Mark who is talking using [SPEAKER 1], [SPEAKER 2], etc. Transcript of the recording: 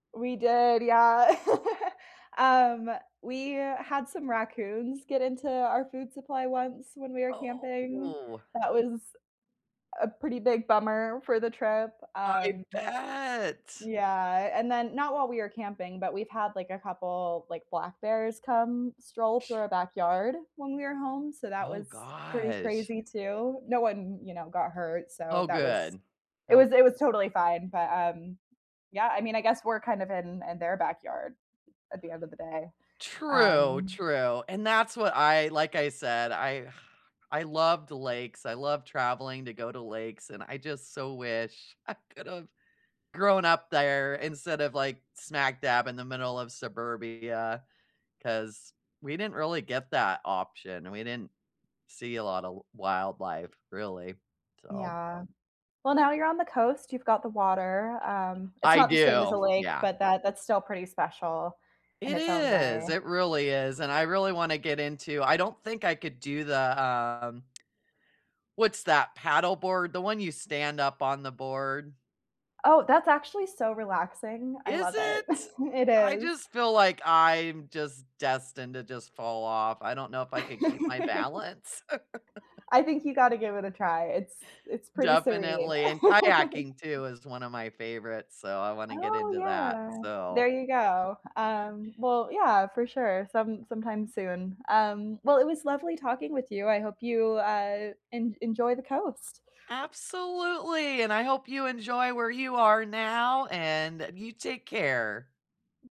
[SPEAKER 1] We did, yeah. Um, we had some raccoons get into our food supply once when we were camping.
[SPEAKER 2] Oh.
[SPEAKER 1] That was a pretty big bummer for the trip,
[SPEAKER 2] I
[SPEAKER 1] um
[SPEAKER 2] bet.
[SPEAKER 1] Yeah, and then not while we were camping, but we've had like a couple, like, black bears come stroll through our backyard when we were home, so that
[SPEAKER 2] Oh
[SPEAKER 1] was pretty
[SPEAKER 2] gosh.
[SPEAKER 1] crazy too. No one, you know, got hurt, so
[SPEAKER 2] Oh,
[SPEAKER 1] that was
[SPEAKER 2] good.
[SPEAKER 1] it was
[SPEAKER 2] Nope.
[SPEAKER 1] it was totally fine, but, um, yeah, I mean, I guess we're kind of in in their backyard at the end of the day,
[SPEAKER 2] True,
[SPEAKER 1] um
[SPEAKER 2] true, and that's what I like I said, I I loved lakes, I loved traveling to go to lakes, and I just so wish I could have grown up there instead of like smack dab in the middle of suburbia 'cause we didn't really get that option. We didn't see a lot of w wildlife, really. So
[SPEAKER 1] Yeah. Well, now you're on the coast, you've got the water, um, it's
[SPEAKER 2] I
[SPEAKER 1] not the same as a
[SPEAKER 2] do.
[SPEAKER 1] lake,
[SPEAKER 2] Yeah.
[SPEAKER 1] but that that's still pretty special in
[SPEAKER 2] It
[SPEAKER 1] its own
[SPEAKER 2] is.
[SPEAKER 1] way.
[SPEAKER 2] It really is, and I really wanna get into I don't think I could do the, um, what's that paddleboard? The one you stand up on the board.
[SPEAKER 1] Oh, that's actually so relaxing. I
[SPEAKER 2] Is
[SPEAKER 1] love
[SPEAKER 2] it?
[SPEAKER 1] it. It
[SPEAKER 2] I
[SPEAKER 1] is.
[SPEAKER 2] just feel like I'm just destined to just fall off. I don't know if I could keep my balance.
[SPEAKER 1] I think you gotta give it a try. It's it's pretty serene.
[SPEAKER 2] Definitely, and kayaking, too, is one of my favorites, so I wanna get
[SPEAKER 1] Oh,
[SPEAKER 2] into that.
[SPEAKER 1] yeah. There
[SPEAKER 2] So
[SPEAKER 1] you go. Um, well, yeah, for sure. Some sometime soon. Um, well, it was lovely talking with you, I hope you, uh, en enjoy the coast.
[SPEAKER 2] Absolutely, and I hope you enjoy where you are now, and you take care.